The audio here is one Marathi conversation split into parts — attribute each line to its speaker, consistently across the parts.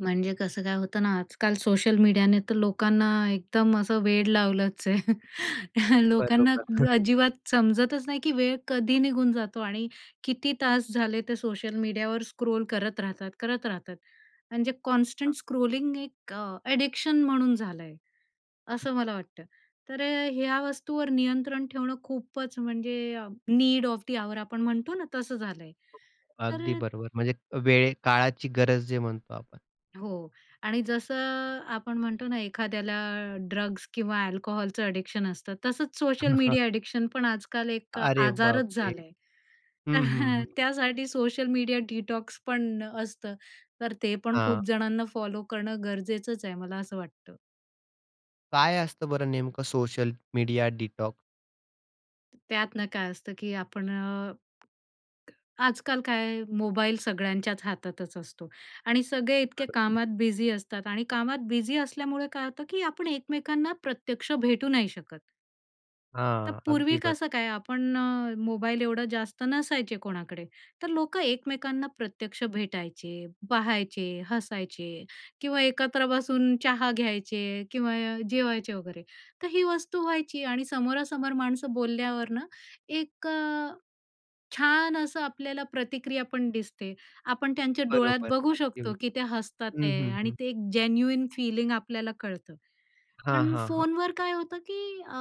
Speaker 1: म्हणजे कसं काय होतं ना? आजकाल सोशल मीडियाने तर लोकांना एकदम असं वेड लावलंच आहे. त्या लोकांना
Speaker 2: बरोबर.
Speaker 1: अजिबात समजतच नाही की वेळ कधी निघून जातो आणि किती तास झाले ते सोशल मीडियावर स्क्रोल करत राहतात, करत राहतात. आणि जे
Speaker 2: हां.
Speaker 1: कॉन्स्टंट स्क्रोलिंग एक अ, अ‍ॅडिक्शन म्हणून झालं आहे, असं मला वाटतं. तर अ, ह्या वस्तूवर नियंत्रण ठेवणं खूपच म्हणजे नीड ऑफ दी ऑवर आपण म्हणतो ना, तसं झालंय. तर
Speaker 2: अगदी
Speaker 1: अ
Speaker 2: बरोबर म्हणजे वेळ, काळाची गरज जे म्हणतो आपण.
Speaker 1: हो आणि जसं अ, आपण म्हणतो ना एखाद्याला ड्रग्स किंवा अल्कोहलचं अ‍ॅडिक्शन असतं, तसंच सोशल मीडिया अ‍ॅडिक्शन पण आजकाल एक
Speaker 2: अरे
Speaker 1: आजारच
Speaker 2: बापरे!
Speaker 1: झालाय, तर
Speaker 2: हं, हं, हं.
Speaker 1: त्यासाठी सोशल मीडिया डिटॉक्स पण असतं. तर ते पण
Speaker 2: हां.
Speaker 1: खूप जणांना फॉलो करणं गरजेचंच आहे मला असं वाटतं.
Speaker 2: काय असतं बरं नेमकं सोशल मीडिया डिटॉक?
Speaker 1: त्यात ना काय असतं की आपण अ आजकाल काय मोबाईल सगळ्यांच्याच हातातच असतो आणि सगळे इतके
Speaker 2: बरं.
Speaker 1: कामात बिझी असतात आणि कामात बिझी असल्यामुळे काय होतं, की आपण एकमेकांना प्रत्यक्ष भेटू नाही शकत. तर
Speaker 2: हां. अगदी
Speaker 1: पूर्वी
Speaker 2: बरं.
Speaker 1: कसं काय आपण अ, मोबाईल एवढं जास्त नसायचे कोणाकडे, तर लोकं एकमेकांना प्रत्यक्ष भेटायचे, पहायचे, हसायचे किंवा एकत्र बसून चहा घ्यायचे किंवा य जेवायचे वगैरे. तर ही वस्तू व्हायची आणि समोरासमोर माणसं बोलल्यावर ना, एक अ, छान असं आपल्याला प्रतिक्रिया पण दिसते. आपण त्यांच्या डोळ्यात
Speaker 2: बरोबर,
Speaker 1: बघू
Speaker 2: अगदी
Speaker 1: शकतो, की
Speaker 2: हुशार.
Speaker 1: ते हसतात
Speaker 2: हं,
Speaker 1: आहे
Speaker 2: हं,
Speaker 1: आणि
Speaker 2: हं.
Speaker 1: ते एक जेन्युइन फीलिंग आपल्याला कळतं.
Speaker 2: हां,
Speaker 1: पण
Speaker 2: हां, हां.
Speaker 1: फोनवर काय होतं की अ,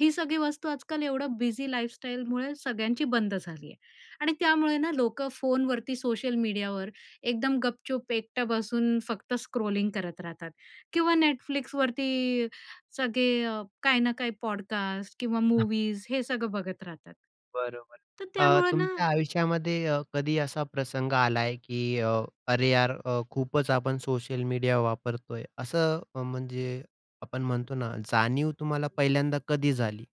Speaker 1: ही सगळी वस्तू आजकाल एवढं बिझी लाईफस्टाईलमुळे सगळ्यांची बंद झाली आहे आणि त्यामुळे ना, लोकं फोनवरती सोशल मीडियावर एकदम गपचूप एकटं बसून फक्त स्क्रॉलिंग करत राहतात. किंवा Netflixवरती सगळे अ, काही ना काही पॉडकास्ट किंवा मूव्हीज हे सगळं बघत राहतात.
Speaker 2: बरोबर.
Speaker 1: तर
Speaker 2: अ,
Speaker 1: त्यामुळे ना
Speaker 2: तुमच्या आयुष्यामध्ये अ, कधी असा प्रसंग आलाय की अ, "अरे यार अ, खूपच आपण सोशल मीडिया वापरतोय?" असं म्हणजे आपण म्हणतो ना जाणीव तुम्हाला पहिल्यांदा कधी झाली?